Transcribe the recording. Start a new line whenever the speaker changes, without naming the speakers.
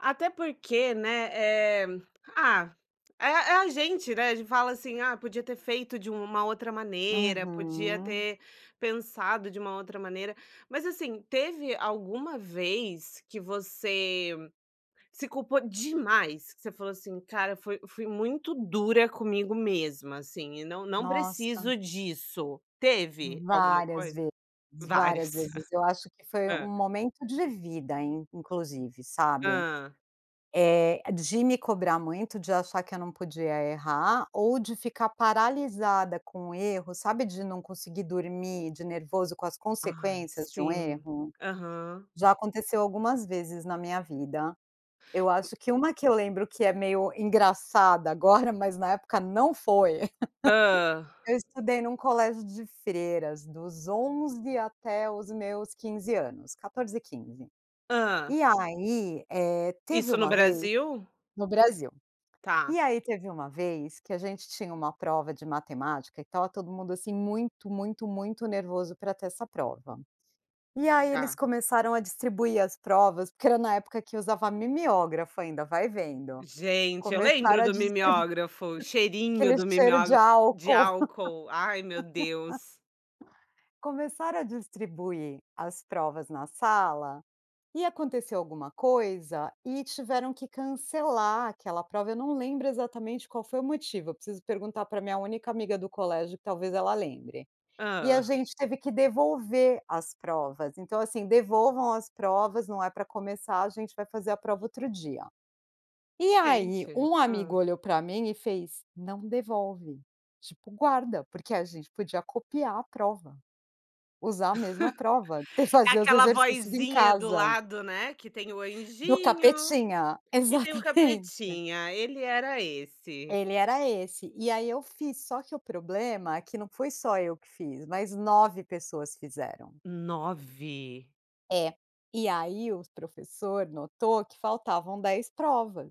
Até porque, né, eh, ah, é é a gente, né, a gente fala assim "Ah, podia ter feito de uma outra maneira, podia
Uhum.
ter pensado de uma outra maneira", mas assim teve alguma vez que você, se culpou demais, que você falou assim "Cara, foi fui muito dura comigo mesma assim e não não
Nossa.
preciso disso", teve? Alguma
Várias
coisa?
vezes, várias
Várias.
vezes. Eu acho que foi um
Hã.
momento de vida inclusive, sabe,
Hã.
eh, de me cobrar muito, de achar que eu não podia errar ou de ficar paralisada com erros, sabe, de não dormir de nervoso com as
Ah,
consequências de um
sim,
erro?
aham.
Já aconteceu algumas vezes na minha vida. Eu
Hum.
acho que um que eu lembro que é meio engraçada agora, mas na época não foi,
Hã.
eu estudei num colégio de freiras dos 11 até os meus 15 anos, 14, 15.
Hã.
E aí, eh, teve
Isso no
uma vez
Brasil?
no Brasil.
Tá.
E aí teve uma vez que a gente tinha uma prova de matemática e estava todo mundo, assim, muito, muito, muito nervoso pra ter essa prova, e aí eles
Tá.
começaram a distribuir as provas, porque era na época que usava mimiógrafo ainda, vai vendo.
Gente, eu lembro
Começaram a
do
distribuir,
mimiógrafo, cheirinho
aquele
do
cheiro de
mimiógrafo, de
álcool.
álcool, ai meu Deus.
Começaram a distribuir as provas na sala e aconteceu alguma coisa e tiveram que cancelar aquela prova, eu não lembro exatamente qual foi o motivo, preciso perguntar pra minha única amiga do colégio que talvez ela lembre. E a
Hã.
gente teve que devolver as provas, então assim devolvam as provas, não é pra começar, a gente vai fazer a prova outro dia. E aí,
Gente,
um amigo
hã.
olhou pra mim e fez, "Não devolve", tipo, guarda, porque a gente podia copiar a prova, usar a mesma prova, te
É
fazer os
aquela
exercícios em
vozinha do
casa.
lado, né, que tem o
Do
anjinho
capetinha,
e tem o
exatamente.
capetinha, ele era esse.
Ele era esse, e aí eu fiz só que o problema é que não foi só eu que fiz, mas 9 pessoas fizeram.
9?
É, e aí o professor notou que faltavam 10 provas.